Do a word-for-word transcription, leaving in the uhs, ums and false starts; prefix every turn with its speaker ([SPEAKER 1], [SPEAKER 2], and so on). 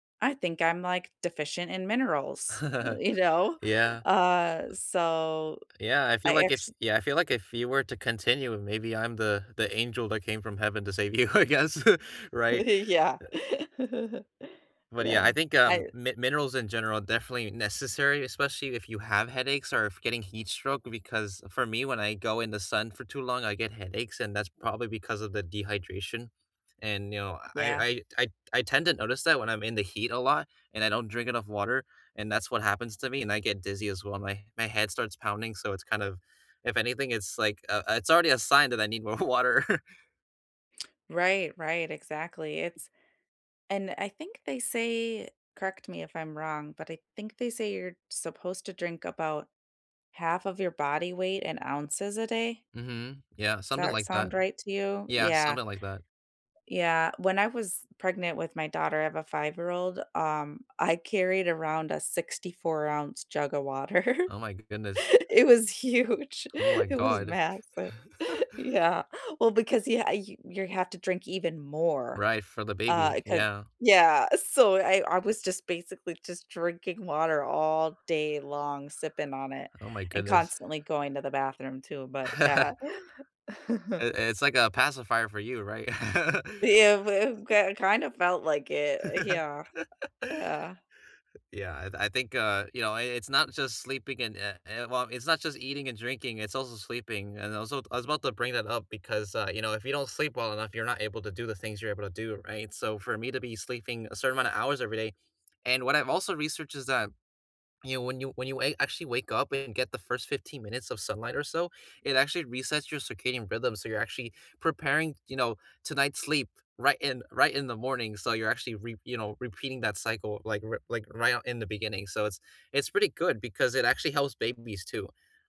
[SPEAKER 1] I think I'm, like, deficient in minerals, uh, you know?
[SPEAKER 2] Yeah.
[SPEAKER 1] Uh, so,
[SPEAKER 2] Yeah, I feel
[SPEAKER 1] I
[SPEAKER 2] like if
[SPEAKER 1] actu
[SPEAKER 2] yeah, I feel like if you were to continue, maybe I'm the the angel that came from heaven to save you, I guess, right?
[SPEAKER 1] Yeah.
[SPEAKER 2] But yeah,
[SPEAKER 1] Yeah,
[SPEAKER 2] I think, um,
[SPEAKER 1] I
[SPEAKER 2] mi minerals, in general, are definitely necessary, especially if you have headaches, or if getting heat stroke, because for me, when I go in the sun for too long, I get headaches, and that's probably because of the dehydration, and, you know, I
[SPEAKER 1] Yeah.
[SPEAKER 2] I I t I t I tend to notice that when I'm in the heat a lot and I don't drink enough water, and that's what happens to me, and I get dizzy as well, and my my head starts pounding, so it's kind of if anything, it's, like, uh it's already a sign that I need more water.
[SPEAKER 1] Right, right, exactly, it's And I think they say- correct me if I'm wrong- but I think they say you're supposed to drink about half of your body weight in ounces a day?
[SPEAKER 2] Mhm, yeah,
[SPEAKER 1] Does
[SPEAKER 2] something
[SPEAKER 1] that
[SPEAKER 2] like that.
[SPEAKER 1] sound right to you?
[SPEAKER 2] Yeah,
[SPEAKER 1] Yeah.
[SPEAKER 2] something like that.
[SPEAKER 1] Yeah, when I was pregnant with my daughter- I have a five-year-old- um, I carried around a sixty-four-ounce jug of water.
[SPEAKER 2] Oh my goodness.
[SPEAKER 1] It was huge.
[SPEAKER 2] Oh my
[SPEAKER 1] It was
[SPEAKER 2] god.
[SPEAKER 1] massive. Yeah. Well, because yeah, you your have to drink even more,
[SPEAKER 2] Right, for the
[SPEAKER 1] uh,
[SPEAKER 2] baby,
[SPEAKER 1] 'cause
[SPEAKER 2] yeah.
[SPEAKER 1] Yeah, so I I was just, basically, just drinking water all day long, sipping on it,
[SPEAKER 2] Oh my
[SPEAKER 1] and
[SPEAKER 2] goodness.
[SPEAKER 1] constantly going to the bathroom too, but yeah.
[SPEAKER 2] I it's like a pacifier for you, right?
[SPEAKER 1] Yeah, w it got kind of felt like it, yeah. Yeah.
[SPEAKER 2] Yeah, I th I think, uh, you know, i it's not just sleeping and, eh eh well, it's not just eating and drinking, it's also sleeping, and also, t I was about to bring that up, because, uh, you know, if you don't sleep well enough, you're not able to do the things you're able to do, right? So for me to be sleeping a certain amount of hours every day and what I've also researched is that, you know, when you when you a actually wake up and get the first fifteen minutes of sunlight or so, it actually resets your circadian rhythm, so you're actually preparing, you know, tonight's sleep right in right in the morning, so you're actually re you know, repeating that cycle, like, r like, right o in the beginning, so it's it's pretty good because it actually helps babies, too.